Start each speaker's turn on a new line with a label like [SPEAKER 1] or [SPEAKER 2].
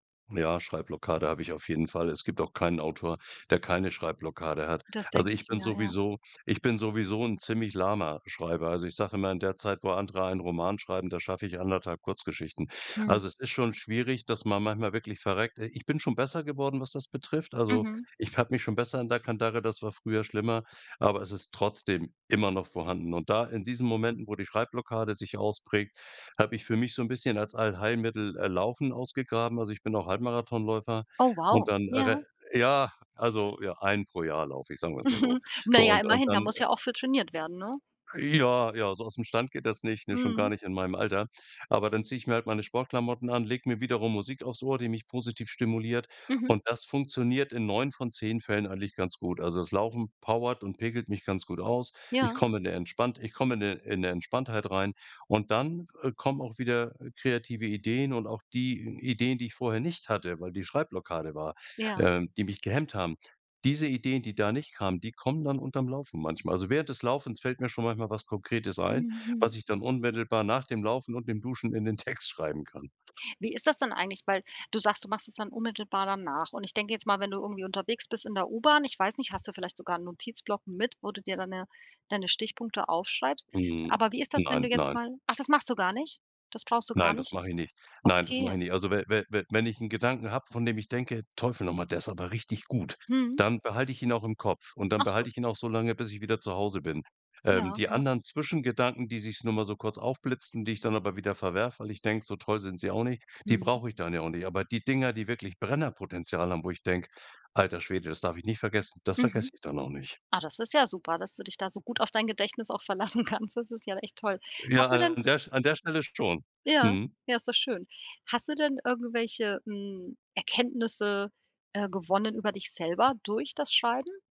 [SPEAKER 1] Ja, Schreibblockade habe ich auf jeden Fall. Es gibt auch keinen Autor, der keine Schreibblockade hat.
[SPEAKER 2] Das
[SPEAKER 1] Also,
[SPEAKER 2] denk
[SPEAKER 1] ich
[SPEAKER 2] ich
[SPEAKER 1] bin
[SPEAKER 2] mir, ja.
[SPEAKER 1] sowieso ich bin sowieso ‘n ziemlich lahmer Schreiber. Also, ich sage immer, in der Zeit, wo andere einen Roman schreiben, da schaff ich 1 1/2 Kurzgeschichten.
[SPEAKER 2] Hm.
[SPEAKER 1] Also, es ist schon schwierig, dass man manchmal wirklich verreckt. Äh, ich bin schon besser geworden, was das betrifft. Also,
[SPEAKER 2] Mhm.
[SPEAKER 1] ich habe mich schon besser in der Kandare, das war früher schlimmer, aber es ist trotzdem immer noch vorhanden. Und da, in diesen Momenten, wo die Schreibblockade sich ausprägt, habe ich für mich so 'n bisschen als Allheilmittel, äh, Laufen ausgegraben. Also, ich bin auch Halbmarathonläufer
[SPEAKER 2] Oh
[SPEAKER 1] und
[SPEAKER 2] wow,
[SPEAKER 1] dann
[SPEAKER 2] ja.
[SPEAKER 1] erre ja, also, ja, einen pro Jahr lauf ich, sagen wir's mal so.
[SPEAKER 2] Na
[SPEAKER 1] So
[SPEAKER 2] ja,
[SPEAKER 1] und und
[SPEAKER 2] immerhin, da
[SPEAKER 1] dann
[SPEAKER 2] muss ja auch für trainiert werden, ne?
[SPEAKER 1] Ja, ja, so ausm Stand geht das nicht, ne? Schon gar
[SPEAKER 2] Mhm.
[SPEAKER 1] nicht in meinem Alter. Aber dann ziehe ich mir halt meine Sportklamotten an, lege mir wiederum Musik aufs Ohr, die mich positiv stimuliert
[SPEAKER 2] Mhm.
[SPEAKER 1] und das funktioniert in 9 von 10 Fällen eigentlich ganz gut. Also, das Laufen powert und pickelt mich ganz gut aus. Ich
[SPEAKER 2] Ja.
[SPEAKER 1] komme in ‘ne entspannt ich komme in ‘ne in ‘ne Entspanntheit rein, und dann, äh, kommen auch wieder kreative Ideen und auch die Ideen, die ich vorher nicht hatte, weil die Schreibblockade war,
[SPEAKER 2] Ja.
[SPEAKER 1] ähm, die mich gehemmt haben. Diese Ideen, die da nicht kamen, die kommen dann unterm Laufen manchmal. Also, während des Laufens fällt mir schon manchmal was Konkretes ein, was
[SPEAKER 2] Mhm.
[SPEAKER 1] ich dann unmittelbar nach dem Laufen und dem Duschen in den Text schreiben kann.
[SPEAKER 2] Wie ist das dann eigentlich, weil du sagst, du machst es dann unmittelbar danach, und ich denke jetzt mal, wenn du irgendwie unterwegs bist in der U-Bahn, ich weiß nicht, hast du vielleicht sogar 'n Notizblock mit, wo du dir dann 'ne deine Stichpunkte aufschreibst?
[SPEAKER 1] Hm.
[SPEAKER 2] Aber wie ist das, wenn du
[SPEAKER 1] Nein,
[SPEAKER 2] jetzt
[SPEAKER 1] nein.
[SPEAKER 2] mal ach, das machst du gar nicht? Das brauchst du gar
[SPEAKER 1] Nein, das
[SPEAKER 2] nicht?
[SPEAKER 1] mach ich nicht. Nein, das mach
[SPEAKER 2] Okay.
[SPEAKER 1] ich nicht. Also we we we wenn ich ‘n Gedanken habe, von dem ich denke: „Teufel noch mal, der ist aber richtig gut!”,
[SPEAKER 2] Mhm.
[SPEAKER 1] dann behalte ich ihn auch im Kopf und dann
[SPEAKER 2] Ach so.
[SPEAKER 1] behalte ich ihn auch so lange, bis ich wieder zu Hause bin. Ähm,
[SPEAKER 2] Ja,
[SPEAKER 1] die
[SPEAKER 2] ja.
[SPEAKER 1] anderen Zwischengedanken, die sich's nur mal so kurz aufblitzen, die ich dann aber wieder verwerfe, weil ich denke: „So toll sind sie auch nicht!”, die
[SPEAKER 2] Mhm.
[SPEAKER 1] brauch ich dann ja auch nicht. Aber die Dinger, die wirklich Brennerpotenzial haben, wo ich denk: „Alter Schwede, das darf ich nicht vergessen!”, das vergesse
[SPEAKER 2] Mhm.
[SPEAKER 1] ich dann auch nicht.
[SPEAKER 2] Ah, das ist ja super, dass du dich da so gut auf dein Gedächtnis auch verlassen kannst. Das ist ja echt toll.
[SPEAKER 1] Ja,
[SPEAKER 2] Hast du denn
[SPEAKER 1] an der Sch an der Stelle schon.
[SPEAKER 2] Ja?
[SPEAKER 1] Mhm.
[SPEAKER 2] Ja, ist doch schön. Hast du denn irgendwelche, hm, Erkenntnisse, äh, gewonnen über dich selber durch das Schreiben?